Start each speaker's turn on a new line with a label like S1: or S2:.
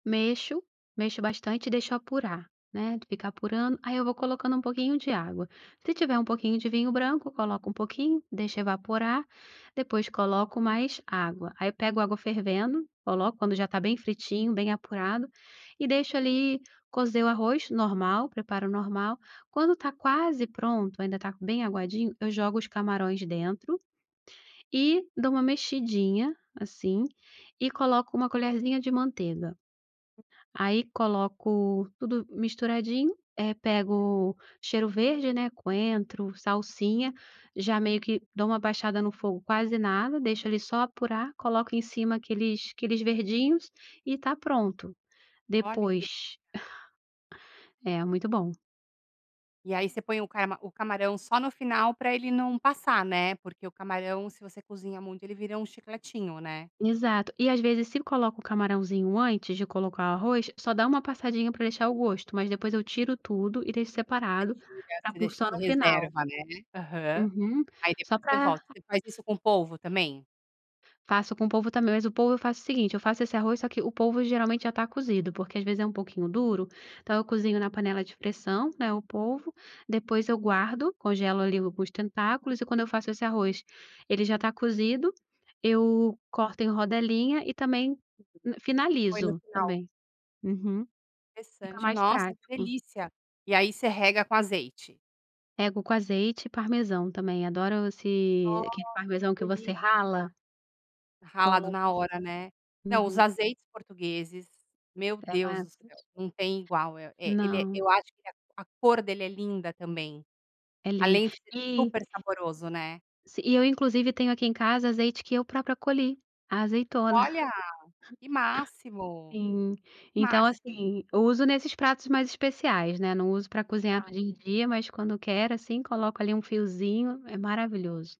S1: Mexo, mexo bastante e deixo apurar, né, de ficar apurando, aí eu vou colocando um pouquinho de água. Se tiver um pouquinho de vinho branco, coloco um pouquinho, deixo evaporar, depois coloco mais água. Aí pego água fervendo, coloco quando já está bem fritinho, bem apurado e deixo ali, cozer o arroz, normal, preparo normal, quando tá quase pronto, ainda tá bem aguadinho, eu jogo os camarões dentro e dou uma mexidinha, assim, e coloco uma colherzinha de manteiga. Aí coloco tudo misturadinho, eh, pego cheiro verde, né, coentro, salsinha, já meio que dou uma baixada no fogo, quase nada, deixo ali só apurar, coloco em cima aqueles aqueles verdinhos e tá pronto.
S2: Olha, que delicia.
S1: Depois É muito bom.
S2: E aí você põe o carma o camarão só no final pra ele não passar, né, porque o camarão, se você cozinha muito, vira um chicletinho, né.
S1: Exato, e às vezes se coloca o camarãozinho antes de colocar o arroz, só dá uma passadinha pra deixar o gosto, mas depois eu tiro tudo e deixo
S2: Você
S1: separado
S2: tira
S1: pra
S2: você
S1: por
S2: deixa
S1: só
S2: você
S1: no final.
S2: reserva, né. É. Aham.
S1: Uhum,
S2: Aí
S1: só
S2: depois você
S1: pra...
S2: volta. Você faz isso com o polvo também?
S1: Faço com o polvo também, mas o polvo eu faço o seguinte: eu faço esse arroz só que o polvo geralmente já está cozido, porque às vezes é um pouquinho duro, então eu cozinho na panela de pressão, né, o polvo, depois eu guardo, congelo ali alguns tentáculos e quando eu faço esse arroz, ele já está cozido, eu corto em rodelinha e também
S2: Põe no
S1: finalizo,
S2: final.
S1: também. Uhum. Fica
S2: Interessante.
S1: mais
S2: Nossa, que
S1: prático.
S2: delícia. E aí você rega com azeite?
S1: Rego com azeite e parmesão também, adoro esse
S2: Nossa,
S1: aquele parmesão
S2: que
S1: que você
S2: delícia.
S1: rala.
S2: Ralado
S1: Coloco,
S2: na hora,
S1: sim.
S2: né. Não, os
S1: Uhum.
S2: azeites portugueses, meu
S1: Até
S2: Deus
S1: vai.
S2: do céu,
S1: [unintelligible]
S2: não tem igual. El é, ele é
S1: Não.
S2: eu acho que a a cor dele é linda também,
S1: É lindo.
S2: além de ser
S1: E
S2: super saboroso, né.
S1: si e eu inclusive tenho aqui em casa, azeite que eu própria colhi, a azeitona.
S2: Olha, que máximo.
S1: En então,
S2: Máxi
S1: assim, uso nesses pratos mais especiais, Não uso pra cozinhar no dia
S2: [unintelligible]
S1: em dia, mas quando quero, assim, coloco ali um fiozinho, é maravilhoso.